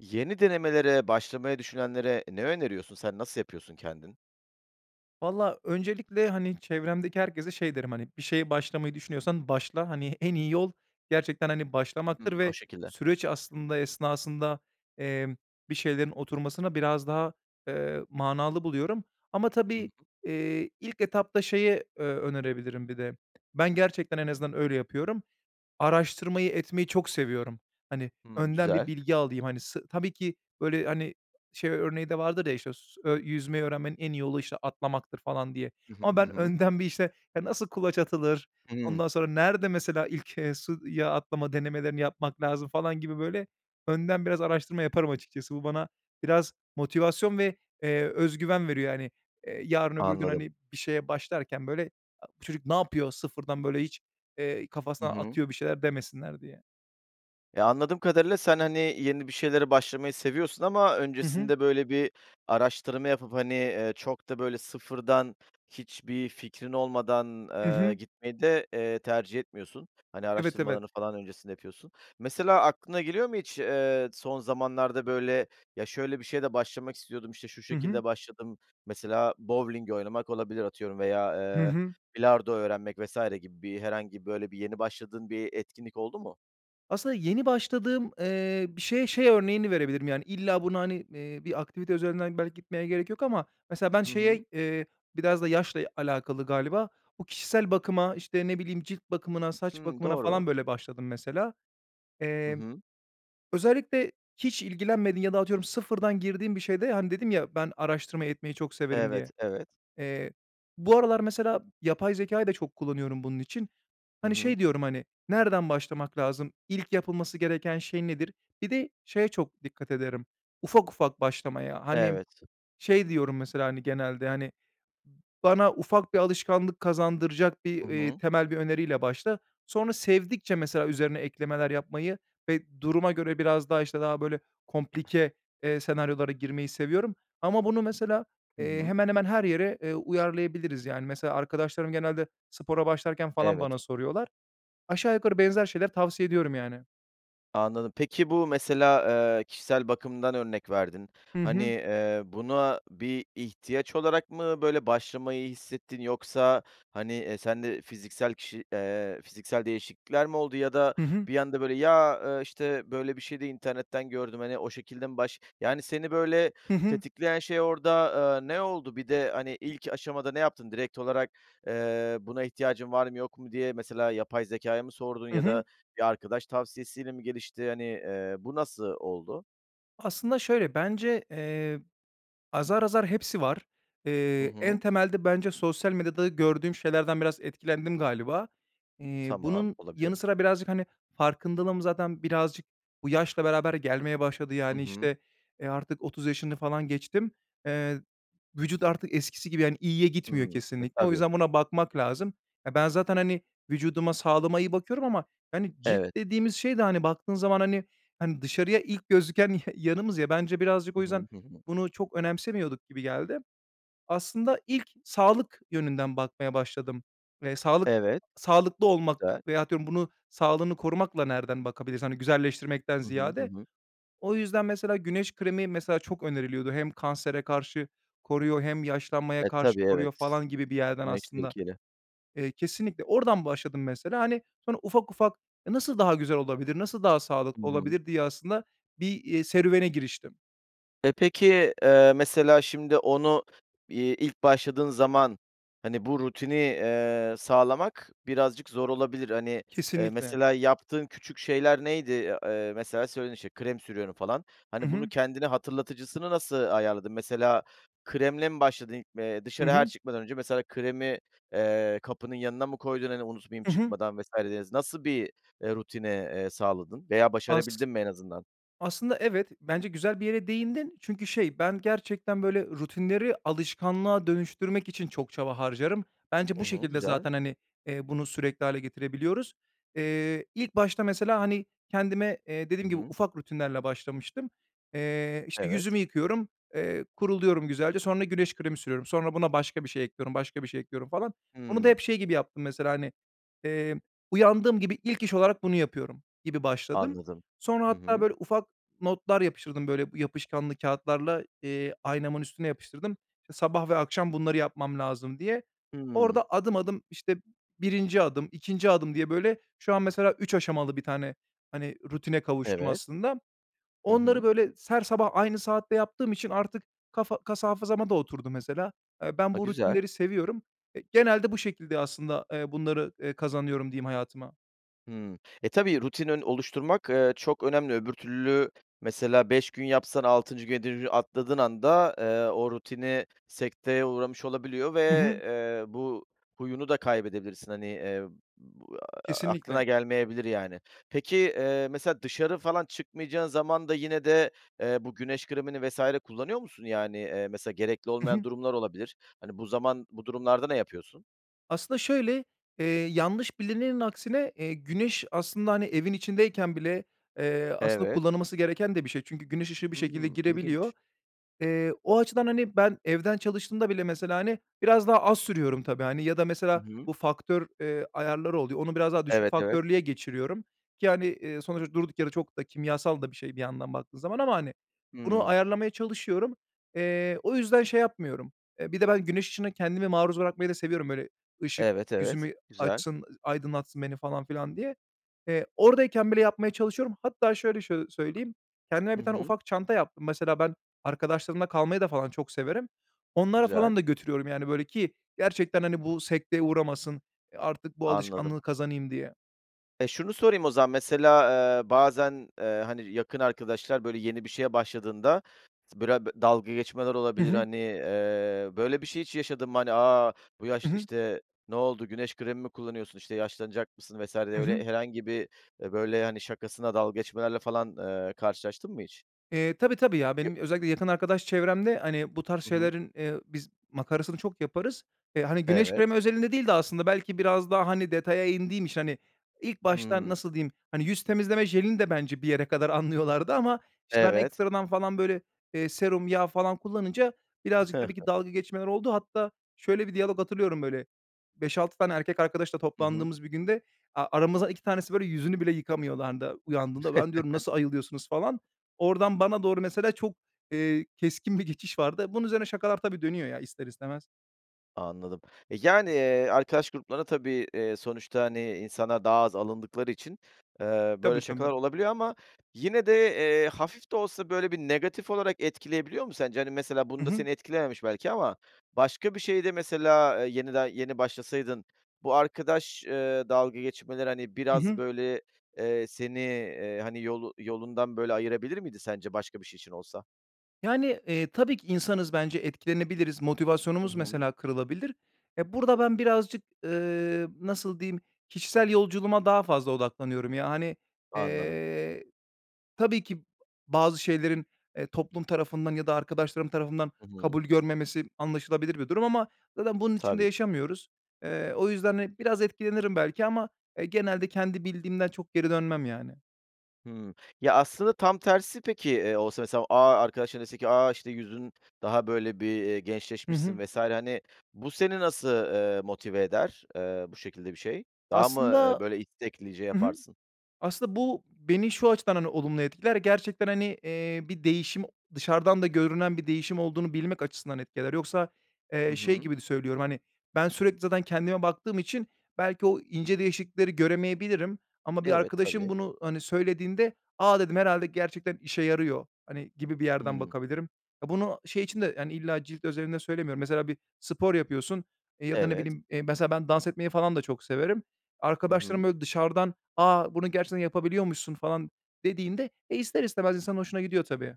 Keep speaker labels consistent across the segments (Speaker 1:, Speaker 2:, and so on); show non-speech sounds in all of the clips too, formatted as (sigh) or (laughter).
Speaker 1: Yeni denemelere başlamayı düşünenlere ne öneriyorsun, sen nasıl yapıyorsun kendin?
Speaker 2: Valla, öncelikle, hani, çevremdeki herkese şey derim, hani, "Bir şeye başlamayı düşünüyorsan, başla." hani, en iyi yol gerçekten, hani, başlamaktır
Speaker 1: Hımm, o
Speaker 2: ve
Speaker 1: şekilde.
Speaker 2: süreç aslında esnasında, emm, bir şeylerin oturmasına biraz daha, eee, manalı buluyorum. Ama
Speaker 1: Hı
Speaker 2: tabii,
Speaker 1: hı
Speaker 2: eee, ilk etapta şeye, eee, önerebilirim bir de ben gerçekten en azından öyle yapıyorum. Araştırmayı, etmeyi çok seviyorum. Hani,
Speaker 1: Hımm,
Speaker 2: önden bir
Speaker 1: güzel.
Speaker 2: bilgi alayım, hani, sı tabii ki, böyle, hani, şey örneği de vardır ya, işte, s ö "Yüzmeyi öğrenmenin en iyi yolu, işte, atlamaktır." falan diye.
Speaker 1: Hı hı,
Speaker 2: Ama
Speaker 1: hı
Speaker 2: ben
Speaker 1: hı.
Speaker 2: önden bir, işte, ya, nasıl kulaç atılır,
Speaker 1: Hımm.
Speaker 2: ondan sonra nerede mesela ilk, eee, suya atlama denemelerini yapmak lazım falan gibi böyle önden biraz araştırma yaparım açıkçası. Bu bana biraz motivasyon ve, eee, öz güven veriyor, hani. Eee, yarın, öbür gün,
Speaker 1: Anladım.
Speaker 2: hani, bir şeye başlarken, böyle, a "Bu çocuk ne yapıyor? Sıfırdan, böyle, hiç, eee,
Speaker 1: Hı
Speaker 2: kafasından
Speaker 1: hı.
Speaker 2: atıyor bir şeyler." demesinler diye.
Speaker 1: Eee, anladığım kadarıyla sen, hani, yeni bir şeylere başlamayı seviyorsun ama
Speaker 2: Hı hı.
Speaker 1: öncesinde, böyle, bir araştırma yapıp, hani, eee, çok da, böyle, sıfırdan, hiçbir fikrin olmadan,
Speaker 2: Hı
Speaker 1: eee,
Speaker 2: hı.
Speaker 1: gitmeyi de, eee, tercih etmiyorsun. Hani,
Speaker 2: Evet, evet.
Speaker 1: araştırmalarını falan öncesinde yapıyorsun. Mesela aklına geliyor mu hiç, eee, son zamanlarda, böyle, "Ya, şöyle bir şeye de başlamak istiyordum, işte şu
Speaker 2: Hı hı.
Speaker 1: şekilde başladım." mesela bovling oynamak olabilir, atıyorum veya,
Speaker 2: Hı
Speaker 1: eee,
Speaker 2: hı.
Speaker 1: bilardo öğrenmek vs. gibi bir herhangi bir, böyle, bir yeni başladığın bir etkinlik oldu mu?
Speaker 2: Aslında yeni başladığım, eee, bir şeye şey örneğini verebilirim, yani, illa buna, hani, eee, bir aktivite üzerinden belki gitmeye gerek yok. Ama mesela ben
Speaker 1: Hı hı.
Speaker 2: şeye eee, biraz da yaşla alakalı galiba, bu kişisel bakıma, işte, ne bileyim, cilt bakımına, saç
Speaker 1: Hımm,
Speaker 2: bakımına
Speaker 1: doğru.
Speaker 2: falan, böyle, başladım mesela.
Speaker 1: Hı
Speaker 2: Emm,
Speaker 1: hı.
Speaker 2: özellikle hiç ilgilenmediğin ya da atıyorum sıfırdan girdiğin bir şeyde, hani, dedim ya, "Ben araştırma etmeyi çok severim."
Speaker 1: Evet,
Speaker 2: diye.
Speaker 1: evet.
Speaker 2: Eee, bu aralar mesela yapay zekâyı da çok kullanıyorum bunun için.
Speaker 1: Hı
Speaker 2: Hani, şey
Speaker 1: hı.
Speaker 2: diyorum, hani, "Nereden başlamak lazım, ilk yapılması gereken şey nedir?" Bir de şeye çok dikkat ederim, ufak ufak başlamaya. Hani,
Speaker 1: Evet.
Speaker 2: şey diyorum mesela, hani, genelde, hani, "Bana ufak bir alışkanlık kazandıracak bir,
Speaker 1: Hı
Speaker 2: eee,
Speaker 1: hı.
Speaker 2: temel bir öneriyle başla." Sonra sevdikçe mesela üzerine eklemeler yapmayı ve duruma göre biraz daha, işte, daha, böyle, komplike, eee, senaryolara girmeyi seviyorum. Ama bunu mesela,
Speaker 1: Hı
Speaker 2: eee,
Speaker 1: hı.
Speaker 2: hemen hemen her yere, eee, uyarlayabiliriz, yani. Mesela arkadaşlarım genelde spora başlarken falan
Speaker 1: Evet.
Speaker 2: bana soruyorlar. Aşağı yukarı benzer şeyler tavsiye ediyorum, yani.
Speaker 1: Anladım. Peki, bu mesela, eee, kişisel bakımdan örnek verdin.
Speaker 2: Hı
Speaker 1: Hani,
Speaker 2: hı.
Speaker 1: eee, buna bir ihtiyaç olarak mı böyle başlamayı hissettin yoksa, hani, eee, sen de fiziksel kişi, eee, fiziksel değişiklikler mi oldu ya da
Speaker 2: Hı hı.
Speaker 1: bir anda, böyle, ya, eee, işte, böyle, bir şeyde internetten gördüm, hani, o şekilde mi baş yani, seni böyle
Speaker 2: Hı hı.
Speaker 1: tetikleyen şey orada, eee, ne oldu? Bir de, hani, ilk aşamada ne yaptın? Direkt olarak, eee, buna ihtiyacın var mı yok mu diye mesela yapay zekâya mı sordun
Speaker 2: Hı
Speaker 1: ya
Speaker 2: hı.
Speaker 1: da bir arkadaş tavsiyesiyle mi gelişti? Hani, eee, bu nasıl oldu?
Speaker 2: Aslında şöyle bence, eee, azar, azar hepsi var.
Speaker 1: Hı
Speaker 2: Eee, en
Speaker 1: hı.
Speaker 2: temelde bence sosyal medyada gördüğüm şeylerden biraz etkilendim galiba. Eee,
Speaker 1: Tamam,
Speaker 2: bunun
Speaker 1: olabilir.
Speaker 2: yanı sıra birazcık, hani, farkındalığım zaten birazcık bu yaşla beraber gelmeye başladı.
Speaker 1: Hı
Speaker 2: Yani,
Speaker 1: hı.
Speaker 2: işte, eee, artık 30 yaşını falan geçtim. Eee, vücut artık eskisi gibi, yani, iyiye gitmiyor
Speaker 1: Hımm. E,
Speaker 2: kesinlikle o
Speaker 1: tabii.
Speaker 2: yüzden buna bakmak lazım. Eee, ben zaten, hani, vücuduma, sağlığıma iyi bakıyorum ama, hani, cilt
Speaker 1: Evet.
Speaker 2: dediğimiz şey de, hani, baktığın zaman, hani, hani, dışarıya ilk gözüken ya yanımız ya bence birazcık
Speaker 1: Hı
Speaker 2: o
Speaker 1: hı,
Speaker 2: yüzden
Speaker 1: hı hı.
Speaker 2: bunu çok önemsemiyorduk gibi geldi. Aslında ilk sağlık yönünden bakmaya başladım ve sağlık
Speaker 1: Evet.
Speaker 2: sağlıklı olmak
Speaker 1: Güzel.
Speaker 2: veyahut diyorum bunun sağlığını korumakla nereden bakabiliriz, hani, güzelleştirmekten
Speaker 1: Hı hı, hı
Speaker 2: ziyade.
Speaker 1: hı.
Speaker 2: O yüzden mesela güneş kremi, mesela, çok öneriliyordu hem kansere karşı koruyor hem yaşlanmaya
Speaker 1: E,
Speaker 2: karşı
Speaker 1: tabii,
Speaker 2: koruyor
Speaker 1: evet.
Speaker 2: falan gibi bir yerden
Speaker 1: Güneş
Speaker 2: aslında.
Speaker 1: tehlikeli.
Speaker 2: Eee, kesinlikle oradan başladım mesela, hani, sonra ufak, ufak, eee, nasıl daha güzel olabilir, nasıl daha
Speaker 1: Hı
Speaker 2: sağlıklı
Speaker 1: hı.
Speaker 2: olabilir diye aslında bir, eee, serüvene giriştim.
Speaker 1: Eee, peki, eee, mesela şimdi onu, iii, ilk başladığın zaman, hani, bu rutini, eee, sağlamak birazcık zor olabilir. Hani, eee,
Speaker 2: Kesinlikle.
Speaker 1: mesela yaptığın küçük şeyler neydi? Eee, mesela söyledin, işte, "krem sürüyorum" falan.
Speaker 2: Hı
Speaker 1: Hani, bunu
Speaker 2: hı.
Speaker 1: kendine hatırlatıcısını nasıl ayarladın? Mesela kremle mi başladın? Eee,
Speaker 2: Hı
Speaker 1: dışarıya her
Speaker 2: hı.
Speaker 1: çıkmadan önce mesela kremi, eee, kapının yanına mı koydun, hani, unutmayayım
Speaker 2: Hı hı.
Speaker 1: çıkmadan vs. dediniz. Nasıl bir, eee, rutine, eee, sağladın veya
Speaker 2: As
Speaker 1: başarabildin mi en azından?
Speaker 2: aslında evet, bence güzel bir yere değindin çünkü şey, ben gerçekten böyle rutinleri alışkanlığa dönüştürmek için çok çaba harcarım. Bence
Speaker 1: Hı
Speaker 2: bu
Speaker 1: hı,
Speaker 2: şekilde
Speaker 1: güzel.
Speaker 2: zaten, hani, eee, bunu sürekli hâle getirebiliyoruz. Eee, ilk başta mesela, hani, kendime, eee,
Speaker 1: Hı
Speaker 2: dediğim gibi
Speaker 1: hı.
Speaker 2: ufak rutinlerle başlamıştım. Eee, işte,
Speaker 1: Evet.
Speaker 2: yüzümü yıkıyorum, eee, kuruluyorum güzelce, sonra güneş kremi sürüyorum, sonra buna başka bir şey ekliyorum, başka bir şey ekliyorum falan. Onu da
Speaker 1: Hıı.
Speaker 2: hep şey gibi yaptım mesela, hani, eee, uyandığım gibi ilk iş olarak bunu yapıyorum gibi başladım.
Speaker 1: Anladım,
Speaker 2: Sonra
Speaker 1: hı
Speaker 2: hatta,
Speaker 1: hı.
Speaker 2: böyle, ufak notlar yapıştırdım, böyle, yapışkanlı kâğıtlarla, eee, aynamın üstüne yapıştırdım, iii, sabah ve akşam bunları yapmam lazım diye.
Speaker 1: Hıı.
Speaker 2: Orada adım adım, işte, 1'inci adım, 2'nci adım diye, böyle, şu an mesela 3 aşamalı bir tane, hani, rutine kavuştum
Speaker 1: Evet.
Speaker 2: aslında.
Speaker 1: Hı
Speaker 2: Onları,
Speaker 1: hı.
Speaker 2: böyle, se her sabah aynı saatte yaptığım için artık kafa kas hafızama da oturdu mesela. Eee, ben
Speaker 1: Ha,
Speaker 2: bu
Speaker 1: güzel.
Speaker 2: rutinleri seviyorum, eee, genelde bu şekilde aslında, eee, bunları, eee, kazanıyorum diyeyim hayatıma.
Speaker 1: Hımm. E, tabii, rutinin oluşturmak, eee, çok önemli. Öbür türlü mesela 5 gün yapsan, 6'ncı günü (unintelligible) atladığın anda, eee, o rutini sekteye uğramış olabiliyor ve,
Speaker 2: Hı hı.
Speaker 1: eee, bu huyunu da kaybedebilirsin. Hani, eee, b eee, aklına
Speaker 2: Kesinlikle.
Speaker 1: gelmeyebilir, yani. Peki, eee, mesela dışarı falan çıkmayacağın zaman da yine de, eee, bu güneş kremini vs. kullanıyor musun, yani? Eee, mesela gerekli
Speaker 2: Hı
Speaker 1: olmayan
Speaker 2: hı.
Speaker 1: durumlar olabilir. Hani, bu zaman, bu durumlarda ne yapıyorsun?
Speaker 2: Aslında şöyle, eee, yanlış bilinenin aksine, eee, güneş aslında, hani, evin içindeyken bile, eee, aslında
Speaker 1: Evet.
Speaker 2: kullanılması gereken de bir şey. Çünkü güneş ışığı bir şekilde
Speaker 1: Hımm,
Speaker 2: girebiliyor.
Speaker 1: ilginç.
Speaker 2: Eee, o açıdan, hani, ben evden çalıştığımda bile mesela, hani, biraz daha az sürüyorum tabii, hani, ya da
Speaker 1: Hı
Speaker 2: mesela
Speaker 1: hı.
Speaker 2: bu faktör, eee, ayarları oluyor, onu biraz daha düşük
Speaker 1: Evet, evet.
Speaker 2: faktörlüye geçiriyorum ki, hani, eee, sonuçta durduk yere çok da kimyasal da bir şey bir yandan baktığın zaman ama, hani, bunu
Speaker 1: Hımm.
Speaker 2: ayarlamaya çalışıyorum. Eee, o yüzden şey yapmıyorum. Eee, bir de ben güneş ışığına kendimi maruz bırakmayı da seviyorum, böyle, ışık
Speaker 1: Evet, evet.
Speaker 2: yüzümü
Speaker 1: Güzel.
Speaker 2: açsın, aydınlatsın beni, falan filan diye. Eee, oradayken bile yapmaya çalışıyorum. Hatta şöyle şöy söyleyeyim, kendime
Speaker 1: Hı
Speaker 2: 1 tane
Speaker 1: hı.
Speaker 2: ufak çanta yaptım. Mesela ben arkadaşlarımla kalmayı da falan çok severim. Onlara
Speaker 1: Güzel.
Speaker 2: falan da götürüyorum, yani, böyle, ki gerçekten, hani, bu sekteye uğramasın, eee, artık bu
Speaker 1: Anladım.
Speaker 2: alışkanlığı kazanayım diye.
Speaker 1: Eee, şunu sorayım o zaman, mesela, eee, bazen, eee, hani, yakın arkadaşlar, böyle, yeni bir şeye başladığında s bıra böyle, dalga geçmeler
Speaker 2: Hı
Speaker 1: olabilir,
Speaker 2: hı.
Speaker 1: hani. Eee, böyle bir şey hiç yaşadın mı, hani? A, bu
Speaker 2: Hı
Speaker 1: yaşta,
Speaker 2: hı.
Speaker 1: işte, ne oldu, güneş kremi mi kullanıyorsun, işte, yaşlanacak mısın vs. diye
Speaker 2: Hı hı.
Speaker 1: öyle herhangi bir, eee, böyle, hani, şakasına dalga geçmelerle falan, eee, karşılaştın mı hiç?
Speaker 2: Eee, tabii, tabii, ya,
Speaker 1: (unintelligible)
Speaker 2: benim özellikle yakın arkadaş çevremde, hani, bu tarz
Speaker 1: Hı hı.
Speaker 2: şeylerin, eee, biz makarasını çok yaparız. Eee, hani, güneş
Speaker 1: Evet.
Speaker 2: kremi özelinde değil de aslında belki biraz daha, hani, detaya indiğim için hani, ilk başta
Speaker 1: Hımm.
Speaker 2: nasıl diyeyim, hani, yüz temizleme jelini de bence bir yere kadar anlıyorlardı ama, işte, ben
Speaker 1: Evet.
Speaker 2: ekstradan falan, böyle, eee, serum, yağ falan kullanınca birazcık tabii ki
Speaker 1: (chuckles)
Speaker 2: dalga geçmeler oldu. Hatta şöyle bir diyalog hatırlıyorum, böyle, 5-6 tane erkek arkadaşla
Speaker 1: Hı hı.
Speaker 2: toplandığımız bir günde, a aramızdan 2 tanesi, böyle, yüzünü bile yıkamıyorlardı uyandığında. Ben diyorum, “Nasıl
Speaker 1: (chuckles)
Speaker 2: ayılıyorsunuz?” falan. Oradan bana doğru mesela çok, eee, keskin bir geçiş vardı. Bunun üzerine şakalar, tabii, dönüyor ya ister istemez.
Speaker 1: Anladım. E, yani, eee, arkadaş gruplarında tabii, eee, sonuçta, hani, insanlar daha az alındıkları için, eee,
Speaker 2: Tabii,
Speaker 1: böyle şakalar
Speaker 2: tabii.
Speaker 1: olabiliyor ama yine de, eee, hafif de olsa böyle bir negatif olarak etkileyebiliyor mu sence? Hani, mesela
Speaker 2: Hı
Speaker 1: bunda
Speaker 2: hı.
Speaker 1: seni etkilememiş belki ama başka bir şeyde mesela, eee, yenide yeni başlasaydın bu arkadaş, eee, dalga geçmeleri, hani,
Speaker 2: Hı
Speaker 1: biraz
Speaker 2: hı.
Speaker 1: böyle, eee, seni, eee, hani, yolu yolundan böyle ayırabilir miydi sence başka bir şey için olsa?
Speaker 2: Yani, eee, tabii ki insanız bence etkilenebiliriz,
Speaker 1: Hı
Speaker 2: motivasyonumuz
Speaker 1: hı.
Speaker 2: mesela kırılabilir. Ya burada, ben birazcık, eee, nasıl diyeyim? Kişisel yolculuğuma daha fazla odaklanıyorum ya hani,
Speaker 1: Anladım.
Speaker 2: eee, tabii ki bazı şeylerin, eee, toplum tarafından ya da arkadaşlarım tarafından
Speaker 1: Hı hı.
Speaker 2: kabul görmemesi anlaşılabilir bir durum ama zaten bunun için
Speaker 1: Tabii
Speaker 2: de
Speaker 1: ki.
Speaker 2: yaşamıyoruz. Eee, o yüzden, hani, biraz etkilenirim belki ama, eee, genelde kendi bildiğimden çok geri dönmem yani.
Speaker 1: Hımm. Ya aslında, tam tersi peki, eee, olsa mesela, "A!" arkadaşların dese ki "A, işte, yüzün daha böyle bir, eee,
Speaker 2: Hı
Speaker 1: gençleşmişsin
Speaker 2: hı.
Speaker 1: vs." hani, bu seni nasıl, eee, motive eder, eee, bu şekilde bir şey? Daha mı, eee,
Speaker 2: Aslında
Speaker 1: böyle isteklice
Speaker 2: Hı hı.
Speaker 1: yaparsın?
Speaker 2: Aslında bu, beni şu açıdan, hani, olumlu etkiler ya gerçekten, hani, eee, bir değişim o dışarıdan da görünen bir değişim olduğunu bilmek açısından etkiler. Yoksa,
Speaker 1: Hı
Speaker 2: eee, şey
Speaker 1: hı.
Speaker 2: gibi de söylüyorum, hani, ben, sürekli zaten kendime baktığım için belki o ince değişiklikleri göremeyebilirim ama bir
Speaker 1: Evet,
Speaker 2: arkadaşım
Speaker 1: tabii.
Speaker 2: bunu, hani, söylediğinde, "A!" dedim, "Herhâlde gerçekten işe yarıyor" hani, gibi bir yerden
Speaker 1: Hıı.
Speaker 2: bakabilirim. Ya, bunu şey için de, yani, illa cilt özelinde söylemiyorum, mesela bir spor yapıyorsun, eee, ya da ne
Speaker 1: Evet.
Speaker 2: bileyim, eee, mesela ben dans etmeyi falan da çok severim.
Speaker 1: Hı
Speaker 2: Arkadaşlarım
Speaker 1: hı.
Speaker 2: böyle dışarıdan, "A, bunu gerçekten yapabiliyormuşsun" falan dediğinde e, ister istemez insanın hoşuna gidiyor tabii.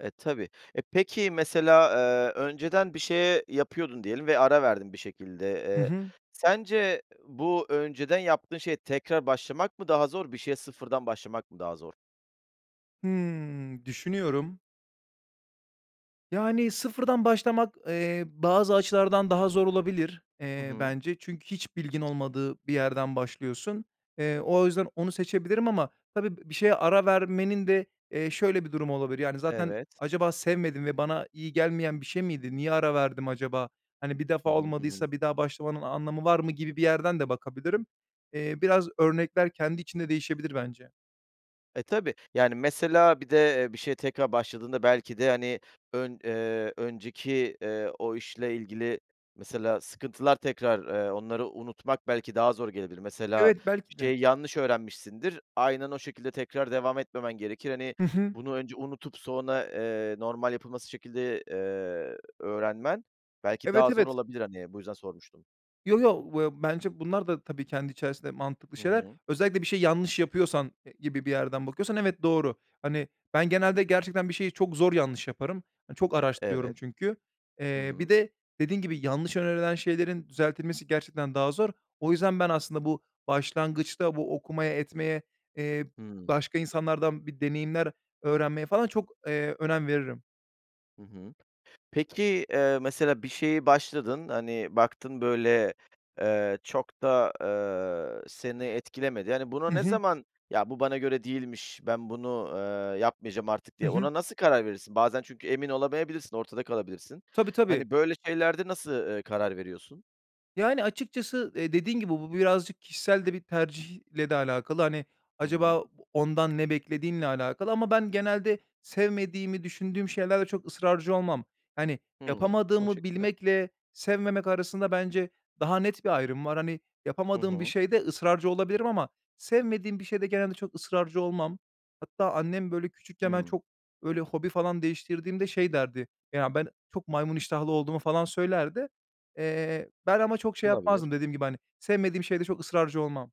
Speaker 1: E, tabii. E, peki, mesela, eee, önceden bir şey, eee, yapıyordun diyelim ve ara verdin bir şekilde,
Speaker 2: Hı
Speaker 1: eee,
Speaker 2: hı.
Speaker 1: sence bu önceden yaptığın şeye tekrar başlamak mı daha zor? Bir şeye sıfırdan başlamak mı daha zor?
Speaker 2: Hımm, düşünüyorum. Yani, sıfırdan başlamak, eee, bazı açılardan daha zor olabilir,
Speaker 1: Hı
Speaker 2: eee,
Speaker 1: hı.
Speaker 2: bence. Çünkü hiç bilgin olmadığı bir yerden başlıyorsun. Eee, o yüzden onu seçebilirim ama tabii b bir şeye ara vermenin de, eee, şöyle bir durumu olabilir. Yani, zaten
Speaker 1: Evet.
Speaker 2: "Acaba sevmedim ve bana iyi gelmeyen bir şey miydi? Niye ara verdim acaba? Hani, bir defa
Speaker 1: Hı hı. Hı hı.
Speaker 2: olmadıysa bir daha başlamanın anlamı var mı?" gibi bir yerden de bakabilirim. Eee, biraz örnekler kendi içinde değişebilir bence.
Speaker 1: E, tabii. Yani, mesela bir de, eee, bir şeye tekrar başladığında belki de, hani, ön eee, önceki, eee, o işle ilgili mesela sıkıntılar tekrar, eee, onları unutmak belki daha zor gelebilir. Mesela
Speaker 2: Evet,
Speaker 1: bir
Speaker 2: belki de.
Speaker 1: şeyi yanlış öğrenmişsindir. Aynen o şekilde tekrar devam etmemen gerekir. Hani,
Speaker 2: Hı hı.
Speaker 1: bunu önce unutup sonra, eee, normal yapılması şekilde, eee, öğrenmen belki
Speaker 2: Evet,
Speaker 1: daha zor
Speaker 2: evet.
Speaker 1: olabilir. Hani, bu yüzden sormuştum.
Speaker 2: Yo, yo, vıya bence bunlar da tabii kendi içerisinde mantıklı
Speaker 1: Hı
Speaker 2: şeyler.
Speaker 1: hı.
Speaker 2: Özellikle bir şeyi yanlış yapıyorsan, eee, gibi bir yerden bakıyorsan evet doğru. Hani, ben, genelde gerçekten bir şeyi çok zor yanlış yaparım. Hani, çok araştırıyorum
Speaker 1: Evet.
Speaker 2: çünkü.
Speaker 1: Hı
Speaker 2: Eee, bir
Speaker 1: hı.
Speaker 2: de dediğin gibi, yanlış önerilen şeylerin düzeltilmesi gerçekten daha zor. O yüzden ben, aslında bu başlangıçta, bu okumaya, etmeye, eee,
Speaker 1: Hıı.
Speaker 2: başka insanlardan bir deneyimler öğrenmeye falan çok, eee, önem veririm.
Speaker 1: Hı hı. Peki, eee, mesela bir şeye başladın, hani, baktın, böyle, eee, çok da, eee, seni etkilemedi. Yani, buna
Speaker 2: Hı
Speaker 1: ne
Speaker 2: hı.
Speaker 1: zaman, "Ya, bu bana göre değilmiş, ben bunu, eee, yapmayacağım artık"
Speaker 2: Hı
Speaker 1: diye
Speaker 2: hı.
Speaker 1: ona nasıl karar verirsin? Bazen çünkü emin olamayabilirsin, ortada kalabilirsin.
Speaker 2: Tabii, tabii.
Speaker 1: Hani, böyle şeylerde nasıl, ııı, karar veriyorsun?
Speaker 2: Yani, açıkçası, eee, dediğin gibi, bu birazcık kişisel de bir tercihle de alakalı. Hani,
Speaker 1: Hı
Speaker 2: acaba
Speaker 1: hı.
Speaker 2: o ondan ne beklediğinle alakalı ama ben genelde sevmediğimi düşündüğüm şeylerde çok ısrarcı olmam. Hani,
Speaker 1: Hıı. O
Speaker 2: yapamadığımı
Speaker 1: şekilde.
Speaker 2: bilmekle sevmemek arasında bence daha net bir ayrım var. Hani,
Speaker 1: Hı
Speaker 2: yapamadığım bir
Speaker 1: hı.
Speaker 2: şeyde ısrarcı olabilirim ama sevmediğim bir şeyde genelde çok ısrarcı olmam. Hatta annem, böyle, küçükken ben
Speaker 1: Hıı.
Speaker 2: çok, böyle, hobi falan değiştirdiğimde şey derdi, ya, ben çok maymun iştahlı olduğumu falan söylerdi. Eee, ben ama çok şey
Speaker 1: Olabilir.
Speaker 2: yapmazdım dediğim gibi, hani, sevmediğim şeyde çok ısrarcı olmam.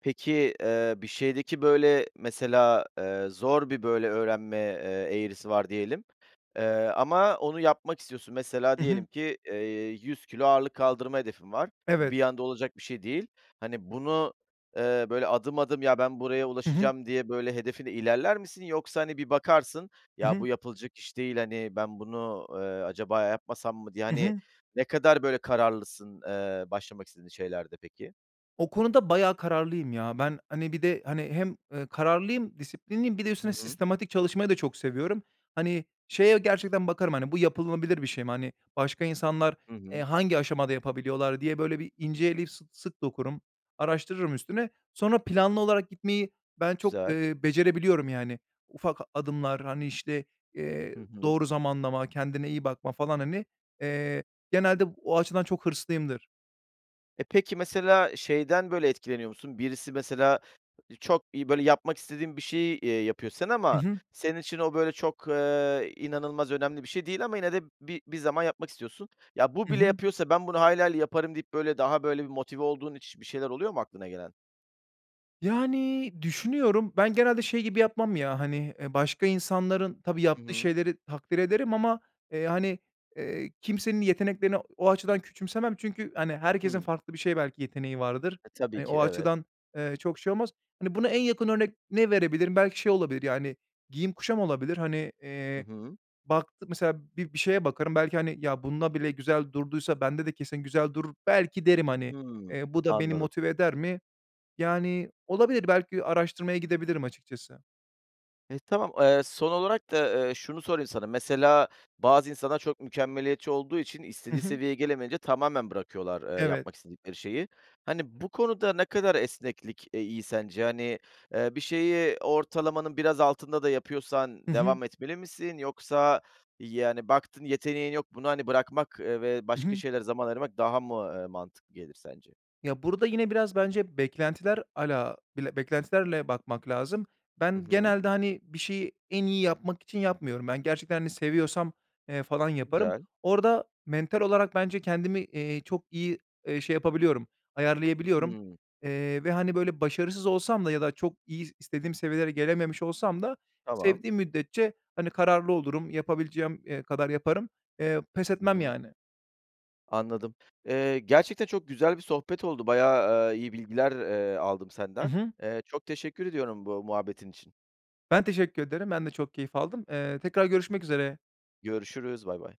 Speaker 1: Peki, eee, bir şeydeki, böyle, mesela, eee, zor bir, böyle, öğrenme, eee, eğrisi var diyelim, eee, ama onu yapmak istiyorsun. Mesela,
Speaker 2: Hı hı.
Speaker 1: diyelim ki, eee, 100 kilo ağırlık kaldırma hedefin var. Bu
Speaker 2: Evet.
Speaker 1: bir anda olacak bir şey değil. Hani, bunu, eee, böyle, adım, adım, "Ya, ben buraya
Speaker 2: Hı hı.
Speaker 1: ulaşacağım." diye, böyle, hedefine ilerler misin, yoksa, hani, bir bakarsın,
Speaker 2: Hı
Speaker 1: "Ya,
Speaker 2: hı.
Speaker 1: bu yapılacak iş değil, hani, ben bunu, eee, acaba yapmasam mı?" diye,
Speaker 2: Hı
Speaker 1: hani,
Speaker 2: hı.
Speaker 1: ne kadar böyle kararlısın, eee, başlamak istediğin şeylerde, peki?
Speaker 2: O konuda bayağı kararlıyım ya. Ben, hani, bir de, hani, hem, eee, kararlıyım, disiplinliyim, bir de
Speaker 1: Hı
Speaker 2: üstüne
Speaker 1: hı.
Speaker 2: sistematik çalışmayı da çok seviyorum. Hani, şeye gerçekten bakarım, hani, bu yapılabilir bir şey mi? Hani, başka insanlar,
Speaker 1: Hı
Speaker 2: eee,
Speaker 1: hı.
Speaker 2: hangi aşamada yapabiliyorlar diye, böyle, bir ince eleyip sı sık dokurum, araştırırım üstüne. Sonra, planlı olarak gitmeyi ben çok,
Speaker 1: Güzel.
Speaker 2: eee, becerebiliyorum, yani, ufak adımlar, hani, işte, eee,
Speaker 1: Hı hı.
Speaker 2: doğru zamanlama, kendine iyi bakma, falan, hani. Eee, genelde o açıdan çok hırslıyımdır.
Speaker 1: E, peki, mesela, şeyden, böyle, etkileniyor musun? Birisi mesela i çok iyi, böyle, yapmak istediğin bir şeyi, eee, yapıyor, sen
Speaker 2: Hı
Speaker 1: ama
Speaker 2: hı.
Speaker 1: senin için o, böyle, çok, eee, inanılmaz önemli bir şey değil ama yine de bir bir zaman yapmak istiyorsun. "Ya, bu
Speaker 2: Hı
Speaker 1: bile
Speaker 2: hı.
Speaker 1: yapıyorsa ben bunu hayli hayli yaparım." deyip, böyle, daha, böyle, bir motive olduğun hiç bir şeyler oluyor mu aklına gelen?
Speaker 2: Yani, düşünüyorum, ben genelde şey gibi yapmam ya, hani, eee, başka insanların, tabii
Speaker 1: Hı
Speaker 2: yaptığı
Speaker 1: hı.
Speaker 2: şeyleri takdir ederim ama, eee, hani, eee, kimsenin yeteneklerini o o açıdan küçümsemem çünkü, hani, herkesin
Speaker 1: Hıı.
Speaker 2: farklı bir şeye belki yeteneği vardır,
Speaker 1: E, tabii
Speaker 2: hani,
Speaker 1: ki.
Speaker 2: o
Speaker 1: Evet.
Speaker 2: açıdan, eee, çok şey olmaz. Hani, buna en yakın örnek ne verebilirim, belki şey olabilir, yani, giyim kuşam olabilir, hani,
Speaker 1: Hı
Speaker 2: eee,
Speaker 1: hı.
Speaker 2: baktı mesela bir bir şeye bakarım belki, hani, "Ya, bunda bile güzel durduysa bende de kesin güzel durur" belki derim, hani.
Speaker 1: Hıı,
Speaker 2: Eee, bu da beni
Speaker 1: anladım.
Speaker 2: motive eder mi? Yani, olabilir, belki araştırmaya gidebilirim açıkçası.
Speaker 1: Eee, tamam. Eee, son olarak da, eee, şunu sorayım sana, mesela bazı insanlar çok mükemmeliyetçi olduğu için
Speaker 2: Hı
Speaker 1: istediği
Speaker 2: hı.
Speaker 1: seviyeye gelemeyince tamamen bırakıyorlar, eee,
Speaker 2: Evet.
Speaker 1: yapmak istedikleri şeyi. Hani, bu konuda ne kadar esneklik, eee, iyi sence? Hani, eee, bir şeyi ortalamanın biraz altında da
Speaker 2: Hı
Speaker 1: yapıyorsan
Speaker 2: hı.
Speaker 1: devam etmeli misin? Yoksa, yani, baktın, yeteneğin yok, bunu, hani, bırakmak, eee, ve
Speaker 2: Hı
Speaker 1: başka
Speaker 2: hı.
Speaker 1: şeylere zaman ayırmak daha mı, eee, mantıklı gelir sence?
Speaker 2: Ya, burada yine biraz bence beklentiler ala bile beklentilerle bakmak lazım.
Speaker 1: Hı
Speaker 2: Ben,
Speaker 1: hı.
Speaker 2: genelde, hani, bir şeyi en iyi yapmak için yapmıyorum. Ben, gerçekten, hani, seviyorsam, eee, falan yaparım.
Speaker 1: Güzel.
Speaker 2: Orada mental olarak bence kendimi, eee, çok iyi, eee, şey yapabiliyorum, ayarlayabiliyorum.
Speaker 1: Hıı.
Speaker 2: Eee, ve, hani, böyle başarısız olsam da ya da çok iyi, istediğim seviyelere gelememiş olsam da
Speaker 1: Tamam.
Speaker 2: sevdiğim müddetçe, hani, kararlı olurum, yapabileceğim, eee, kadar yaparım. Eee, pes
Speaker 1: Hı
Speaker 2: etmem
Speaker 1: hı.
Speaker 2: yani.
Speaker 1: Anladım. Eee, gerçekten çok güzel bir sohbet oldu, bayağı, eee, iyi bilgiler, eee, aldım
Speaker 2: Hı
Speaker 1: senden.
Speaker 2: hı.
Speaker 1: Eee, çok teşekkür ediyorum bu muhabbetin için.
Speaker 2: Ben, teşekkür ederim. Ben de çok keyif aldım. Eee, tekrar görüşmek üzere.
Speaker 1: Görüşürüz, baybay.